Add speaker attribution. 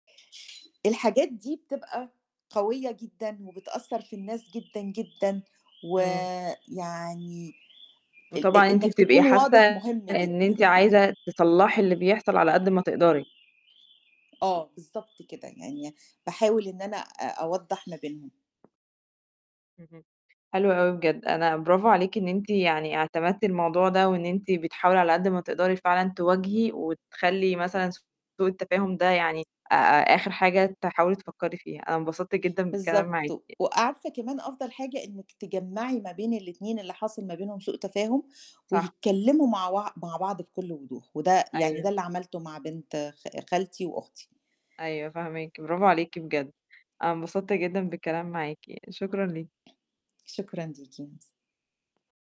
Speaker 1: الحاجات دي بتبقى قوية جدًا وبتأثّر في الناس جدًا، جدًا،
Speaker 2: إمم.
Speaker 1: ويعني ال إ
Speaker 2: وطبعًا أنتِ
Speaker 1: إنّك
Speaker 2: بتبقي
Speaker 1: تكون
Speaker 2: حاسّة
Speaker 1: واضح مهم
Speaker 2: إن
Speaker 1: جدًا.
Speaker 2: أنتِ عايزة تصلَّحي اللي بيحصَل على قد ما تقدَري.
Speaker 1: آه، بالضبط كده. يعني باحاول إن أنا أ أوضَّح ما بينهم.
Speaker 2: اهم. حلو أوي بجد، أنا برافو عليكِ إن أنتِ يعني اعتمدتِ الموضوع ده، وإن أنتِ بتحاولي على قد ما تقدَري فعلًا تواجهي، وتخلّي مثلًا سوء التفاهم ده يعني آآ، آخر حاجة تحاولي تفكّري فيها، أنا انبسطت جدًا بالكلام معاكِ.
Speaker 1: بالضبط. وعارفة كمان أفضَل حاجة إنِّك تجمَّعي ما بين الاتنين اللي حاصل ما بينهم سوء تفاهم،
Speaker 2: صح.
Speaker 1: ويتكلّموا مع وع مع بعض بكلّ وضوح، وده يعني ده
Speaker 2: أيوه.
Speaker 1: اللي عملته مع بنت خا خالتي وأختي.
Speaker 2: أيوه فاهماكِ، برافو عليكِ بجد، أنا انبسطت جدًا بالكلام معاكِ، شكرًا ليكِ.
Speaker 1: شكرًا ليكِ، مرس